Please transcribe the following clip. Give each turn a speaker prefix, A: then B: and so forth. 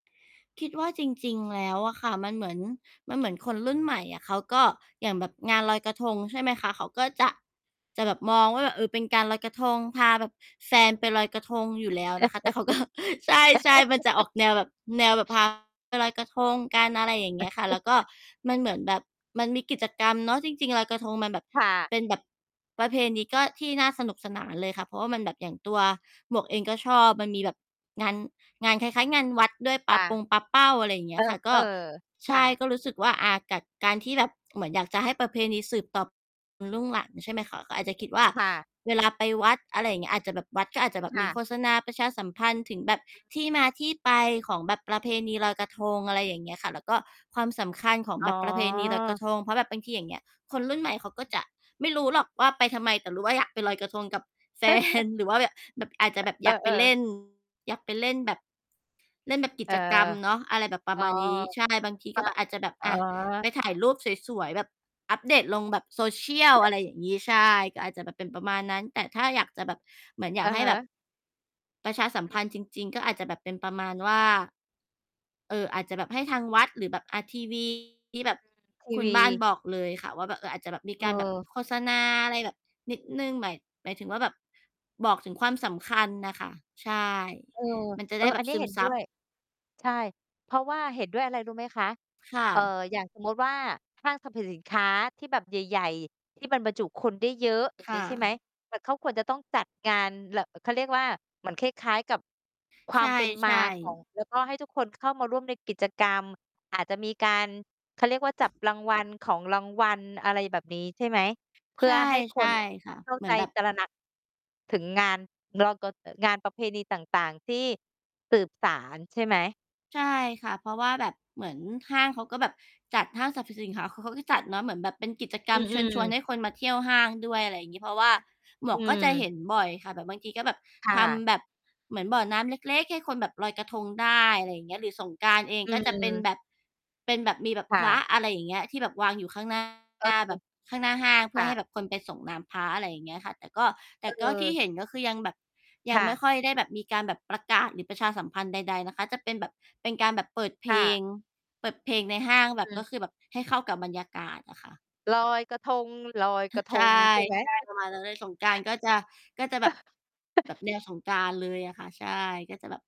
A: คิดว่าจริง ๆ แล้วอะค่ะมันเหมือน มันเหมือนคนรุ่นใหม่อะเขาก็ อย่างแบบงานลอยกระทง ใช่ไหมคะ เขาก็จะ จะแบบมองว่า แบบ เออ เป็นการลอยกระทง พาแบบแฟนไปลอยกระทงอยู่แล้วนะคะ แต่เขา ก็ ใช่ ๆ มันจะออก แนวแบบ แนวแบบ พา ไปลอยกระทงกัน อะไรอย่างเงี้ยค่ะ แล้วก็มันเหมือนแบบมันมีกิจกรรมเนาะ จริง ๆ ลอยกระทงมันแบบ
B: ค่ะ
A: เป็นแบบ ประเพณีก็ ที่น่าสนุกสนานเลยค่ะ เพราะว่ามันแบบอย่างตัวหมวกเองก็ชอบ มันมีแบบงาน งานคล้าย ๆ งานวัดด้วย ป
B: ป
A: า
B: ะ
A: ปงปาเป้า อะไรเง
B: เ
A: ี
B: อ
A: ้ยค่ะ ก็
B: อ ๆ
A: ใ
B: ค
A: ช
B: ่
A: ่
B: ะ
A: ก็รู้สึกว่า อ่า กัด การที่แบบเหมือนอยากจะให้ประเพณีสืบต็อบ รุ่งหลัง ใช่ไหมคะ ก็อาจจะคิดว่า
B: ค่ะ
A: เวลาไปวัด อะไรอย่างเงี้ย อาจจะแบบ วัดก็อาจจะแบ
B: ค
A: บ
B: ่
A: มี
B: ะ
A: โฆษณาประชาสัมพันธ์ถึงแบบ
B: อือ
A: ที่มาที่ไปของแบบประเพณีลอยกระทง อะไรอย่างเงี้ยค่ะ แล้วก็ความสำคัญของ
B: อ๋
A: แบบประเพณีลอยกระ
B: อ
A: ทง เพราะแบบบางทีอย่างเงี้ย คนรุ่นใหม่ เขาก็จะไม่รู้หรอกว่า ไปทำไม แต่รู้ว่าอยากไปลอยกระทงกับ แฟน หรือว่าแบบ แบบ อาจจะแบบ
B: เอ
A: อยากไป
B: อ
A: เล
B: ๆ
A: ่น อยากไปเล่นแบบ เล่นแบบกิ
B: เออ
A: จกรรมเนาะ อะไรแบบปร
B: อ
A: ะ
B: ๋อ
A: มาณนี้ ใช่ บางที
B: ค
A: ก็
B: ่ะ
A: แบบอาจจะแบบ
B: อ๋
A: อ่า ไป
B: อ
A: ถ่ายรูปสวย ๆ แบบ อัปเดตลงแบบ social อะไรอย่างงี้ ใช่ ก็อาจจะแบบเป็นประมาณนั้น แต่ถ้าอยากจะแบบ เหมือนอย
B: อ
A: า
B: ื
A: ก
B: อ
A: ให้
B: ฮ
A: แบ
B: ึ
A: บ ประชาสัม
B: อ
A: พ
B: ือ
A: ันธ์จริง ๆ ก็อาจจะแบบเป็นประมาณว่า เอ่อ อาจจะแบบให้ทางวัด หรือแบบ อ่า ทีวี ที่แ
B: อื
A: บบ
B: ม ที
A: คุ
B: ว
A: ณ
B: ี
A: บ้านบอกเลยค่ะว่า แบบ เออ อาจจะแบบมีการแบบ
B: เออ
A: โฆษณาอะไรแบบนิดหนึ่ง หมาย หมายถึงว่า แบบบอกถึงความสำคัญน่ะค่ะ ใช่
B: เออ
A: มันจะ
B: เอ
A: ได
B: อ
A: ้แบ
B: อั
A: บ
B: นเนี้
A: ซ
B: ย
A: ึ
B: เห
A: ม
B: ็น
A: ซ
B: ด้
A: ับ
B: วย ใช่ เพราะว่า เห็นด้วยอะไร รู้ไหมคะ
A: ค่
B: เอ่อ
A: ะ
B: อย่างสมมุติว่า ห้างสรรพสินค้าที่แบบใหญ่ ๆ ที่มันบรรจุคนได้เยอะ อย่
A: ค
B: าง
A: ่
B: งี้ ใช่ไหม
A: ะ
B: แต่เขาควรจะต้องจัดงานเล่อะ เขาเรียกว่า เหมือนคล้าย ๆ กับ คว
A: ใช
B: ามเป็นมา
A: ่
B: ของ
A: ๆ
B: แล้วก็ให้ทุกคนเข้ามาร่วมในกิจกรรม อาจจะมีการ เขาเรียกว่า จับรางวัล ของรางวัล อะไรแบบนี้ใช่ไหม เพ
A: ใ
B: ื
A: ช
B: ่
A: ่
B: อให้ ค
A: ใช่
B: น
A: ค่ะ
B: เข้า
A: เหมื
B: ใ
A: อ
B: จ
A: นแบบ
B: ตระหนัก ถึงงาน รอกก็จะ งานประเพณีต่าง ๆ ที่สืบสาน ใช่ไหม?
A: ใช่ค่ะ เพราะว่าแบบเหมือนห้างเขาก็แบบจัด ห้างสรรพสินค้าเขา เขาก็จัดเนาะเหมือนแบบเป็นกิจกร
B: อื
A: รมเชิญ
B: อ
A: ชวน
B: ๆ
A: ให้คนมาเที่ยวห้างด้วย อะไรงี้ เพราะว่าหม
B: อ
A: ว
B: ื
A: กก็จะเห
B: ม
A: ็นบ่อยค่ะ แบบบางทีก็แบบ
B: ค่
A: ท
B: ะ
A: ำแบบเหมือนบ่อน้ำเล็ก ๆ ให้คนแบบลอยกระทงได้ อะไรเงี้ย หรือสงกรานต์เอง
B: อื
A: ก็จะเป็น
B: ม
A: แบบ เป็นแบบมีแบบ
B: ค่
A: พระ
B: ะ
A: อะไรอย่างเงี้ย ที่แบบวางอยู่ข้าง หน้า
B: เออ
A: แบบข้างหน้าห้าง เพ
B: ค
A: ื่
B: ่
A: อใ
B: ะ
A: ห้แบบคนไปสรงน้ำพระ อะไรอย่างเงี้ยค่ะ แต่ก็ แต่ก็ที่
B: เออ
A: เห็นก็คือยังแบบย
B: ค
A: ัง
B: ่
A: ไม
B: ะ
A: ่ค่อยได้แบบมีการแบบประกาศ หรือประชาสัมพันธ์ใด ๆ นะคะ จะเป็นแบบเป็นการแบบเปิดเพ
B: ค่
A: ลง
B: ะ
A: เปิดเพลงในห้าง แ
B: อ
A: บ
B: ื
A: บก
B: ม
A: ็คือแบบให้เข้ากับบรรยากาศน่ะค่ะ
B: ลอยกระทง ลอย
A: เฮ
B: ก
A: อ
B: ร
A: ะ
B: ะท
A: ใช่
B: ง ใช่ไหม?
A: ใช่ ประมาณนั้นเลย สงกรานต์ก็จะ ก็จะแบบ แบบแนวสงกรานต์เลยอะค่ะ ใช่ ก็จะแบบ